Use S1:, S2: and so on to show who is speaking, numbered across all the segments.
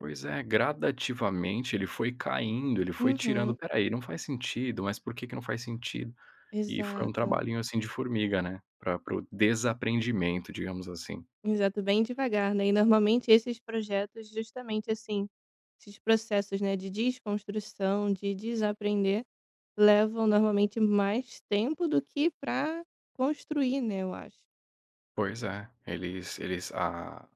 S1: Pois é, gradativamente, ele foi caindo, ele foi tirando:
S2: Uhum.
S1: "Espera aí, não faz sentido, mas por que que não faz sentido?" E foi um
S2: Exato.
S1: trabalhinho, assim, de formiga, né, pra para o "desaprendimento", digamos assim.
S2: Exato, bem devagar, né. E normalmente esses projetos justamente, assim, esses processos, né, de desconstrução, de desaprender, levam normalmente mais tempo do que pra construir, né, eu acho.
S1: Pois é, eles eles, a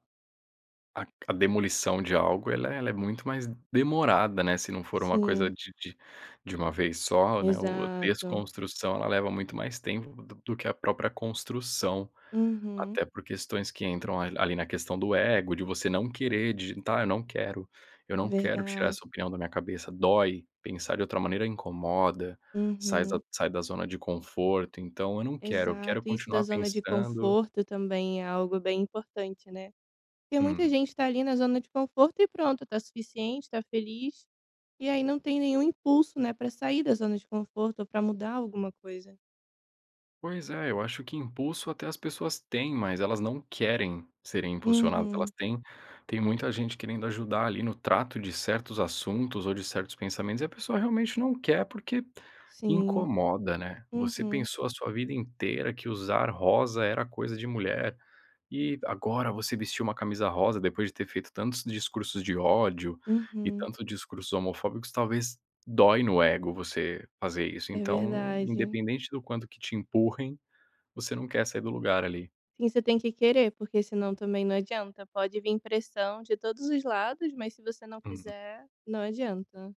S1: a demolição de algo, ela ela é muito mais demorada, né, se não for uma coisa
S2: Sim.
S1: de de de uma vez só, né. O a
S2: Exato.
S1: desconstrução, ela leva muito mais tempo do que a própria construção,
S2: Uhum.
S1: até por questões que entram ali na questão do ego, de você não querer digitar, eu não quero, eu não quero tirar
S2: Verdade.
S1: essa opinião da minha cabeça. Dói, pensar de outra maneira incomoda, sai da
S2: Uhum.
S1: z sai da zona de conforto, então eu não quero, eu quero
S2: Exato, isso da
S1: continuar
S2: zona de
S1: pensando
S2: conforto também é algo bem importante, né. Porque muita
S1: Hum.
S2: gente tá ali na zona de conforto e pronto, tá suficiente, tá feliz, e aí não tem nenhum impulso, né, pra sair da zona de conforto pra mudar alguma coisa.
S1: Pois é, eu acho que impulso até as pessoas têm, mas elas não querem serem impulsionadas. Elas
S2: Uhum.
S1: têm tem muita gente querendo ajudar ali no trato de certos assuntos ou de certos pensamentos, e a pessoa realmente não quer porque
S2: Sim.
S1: incomoda, né. Você
S2: Uhum.
S1: pensou a sua vida inteira que usar rosa era coisa de mulher, e agora você vestir uma camisa rosa, depois de ter feito tantos discursos de ódio e
S2: Uhum.
S1: tantos discursos homofóbicos, talvez dói no ego você fazer isso.
S2: É
S1: Então,
S2: verdade.
S1: independente do quanto que te empurrem, você não quer sair do lugar ali.
S2: Você tem que querer porque senão também não vai adiantar. Pode vir pressão de todos os lados, mas se você não
S1: Uhum.
S2: quiser, não vai adiantar.